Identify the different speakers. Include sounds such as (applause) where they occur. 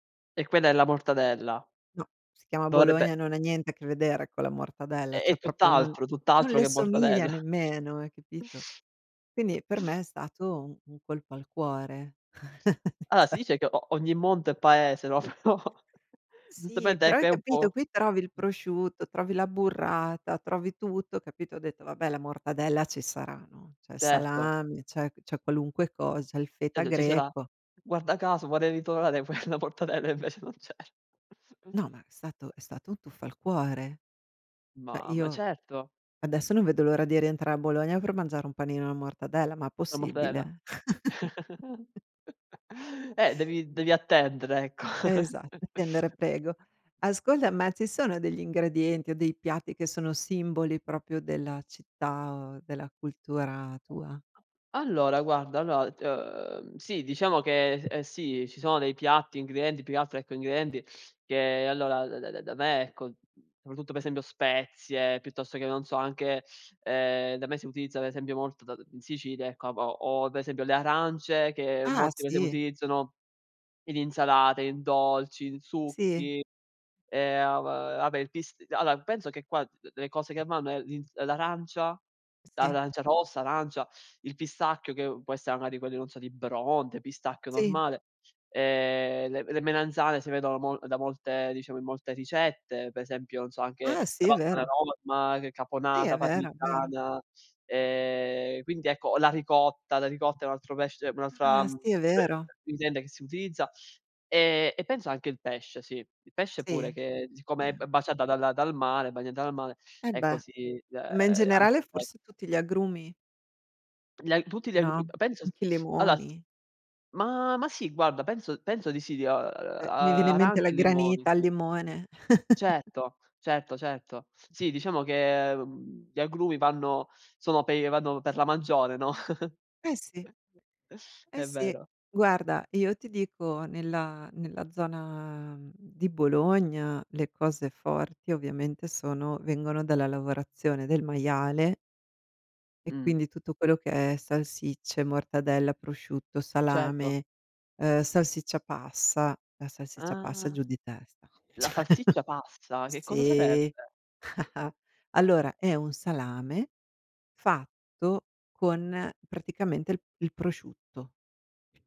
Speaker 1: E quella è la mortadella.
Speaker 2: No, si chiama
Speaker 1: Dovrebbe
Speaker 2: Bologna, non ha niente a che vedere con la mortadella,
Speaker 1: È è
Speaker 2: cioè. proprio non
Speaker 1: tutt'altro
Speaker 2: non
Speaker 1: tutt'altro
Speaker 2: le
Speaker 1: che
Speaker 2: somiglia
Speaker 1: mortadella.
Speaker 2: nemmeno, hai capito?
Speaker 1: (sniffs) (unintelligible)
Speaker 2: Quindi per
Speaker 1: (sniffs)
Speaker 2: me è stato un colpo al cuore. (chuckles)
Speaker 1: Allora, si
Speaker 2: cioè
Speaker 1: dice che o ogni monto è paese, no, però
Speaker 2: Sì,
Speaker 1: giustamente
Speaker 2: però
Speaker 1: ecco
Speaker 2: hai
Speaker 1: è un
Speaker 2: capito?
Speaker 1: po'
Speaker 2: Qui trovi il prosciutto, trovi la burrata, trovi tutto, capito? Ho detto: "Vabbè, la mortadella ci sarà, no?" C'è il
Speaker 1: Certo.
Speaker 2: salame, c'è c'è qualunque cosa, il feta
Speaker 1: (unintelligible) Ci sarà.
Speaker 2: greco.
Speaker 1: Guarda caso vorrei ritrovare quella mortadella e invece non c'era. (chuckles)
Speaker 2: No, ma è stato è stato un tuffo al cuore. Cioè
Speaker 1: Mamma
Speaker 2: io,
Speaker 1: certo.
Speaker 2: adesso non vedo l'ora di rientra a Bologna, per mangiare un panino alla mortadella, ma
Speaker 1: La mortadella?
Speaker 2: possibile? (chuckles)
Speaker 1: (chuckles) Eh, devi devi attendere ecco.
Speaker 2: Esat
Speaker 1: (chuckles)
Speaker 2: attendere, prego. Ascolta, ma ci sono degli ingredienti, o dei piatti che sono simboli, proprio della città, o della cultura tua?
Speaker 1: Allora guarda, allora d uhm, sì diciamo che, ehm, sì, ci sono dei piatti, ingredienti, più che altro ecco, ingredienti che allora da da da me, ecco, soprattutto per esempio spezie, piuttosto che, non so, anche ehm, da me si utilizza, per esempio, molto da d in Sicilia, ecco, ha ho ho per esempio le arance, che
Speaker 2: Ah,
Speaker 1: molti per esempio
Speaker 2: sì.
Speaker 1: utilizzano in insalate, in dolci, in
Speaker 2: Sì.
Speaker 1: succhi. Ehm, uhm, vabbè il pis allora penso che qua, d d le cose che vanno è l'ins l'arancia,
Speaker 2: Sì.
Speaker 1: l'arancia rossa, l'arancia il pistacchio che può essere, magari, quello di, non so, di Bronte, pistacchio
Speaker 2: Sì.
Speaker 1: normale. Ehm, le m le melanzane si vedono mo da molte diciamo, in molte ricette, per esempio, non so, anche
Speaker 2: Ah,
Speaker 1: la
Speaker 2: sì,
Speaker 1: pasta alla
Speaker 2: vero.
Speaker 1: Norma, c
Speaker 2: Sì,
Speaker 1: caponata,
Speaker 2: è vero, è vero.
Speaker 1: parmigiana. Ehm, quindi ecco la ricotta, la ricotta è un altro pesce un'altra
Speaker 2: Ah
Speaker 1: mhmm,
Speaker 2: sì, vero.
Speaker 1: (tsk) ingrediente che si utilizza. E e penso anche il pesce, sì, il pesce pure,
Speaker 2: Sì,
Speaker 1: che siccome è b
Speaker 2: eh.
Speaker 1: baciata dalla dal mare bagnata dal mare,
Speaker 2: E
Speaker 1: ecco
Speaker 2: beh,
Speaker 1: si uhm,
Speaker 2: ma in
Speaker 1: anche
Speaker 2: generale
Speaker 1: il pesce.
Speaker 2: forse tutti gli agrumi.
Speaker 1: Gli a tutti gli agru
Speaker 2: No?
Speaker 1: penso,
Speaker 2: Anche i
Speaker 1: (sniffs) allora
Speaker 2: limoni.
Speaker 1: ma ma sì guarda, penso penso di sì, di, uhm, ar
Speaker 2: Ehm, mi viene in mente
Speaker 1: arancia
Speaker 2: la
Speaker 1: e limoni,
Speaker 2: granita al
Speaker 1: sì.
Speaker 2: limone. (chuckles)
Speaker 1: Certo, certo, certo. Sì diciamo che, mhmm, gli agrumi vanno sono per vanno per la maggiore, no,
Speaker 2: Eh
Speaker 1: (chuckles)
Speaker 2: sì. Eh
Speaker 1: è
Speaker 2: sì.
Speaker 1: vero.
Speaker 2: Guarda, io ti dico nella nella zona, mhmm, di Bologna, le cose forti ovviamente sono vengono dalla lavorazione del maiale e
Speaker 1: Mh.
Speaker 2: quindi tutto quello che è salsicce, mortadella, prosciutto,
Speaker 1: Certo.
Speaker 2: salame, uhm, salsiccia passa, la salsiccia passa
Speaker 1: Ah.
Speaker 2: giù di testa.
Speaker 1: La
Speaker 2: (chuckles)
Speaker 1: salsiccia passa, che cosa sarebbe?
Speaker 2: Sì, (chuckles) allora è un salame fatto con praticamente il il prosciutto.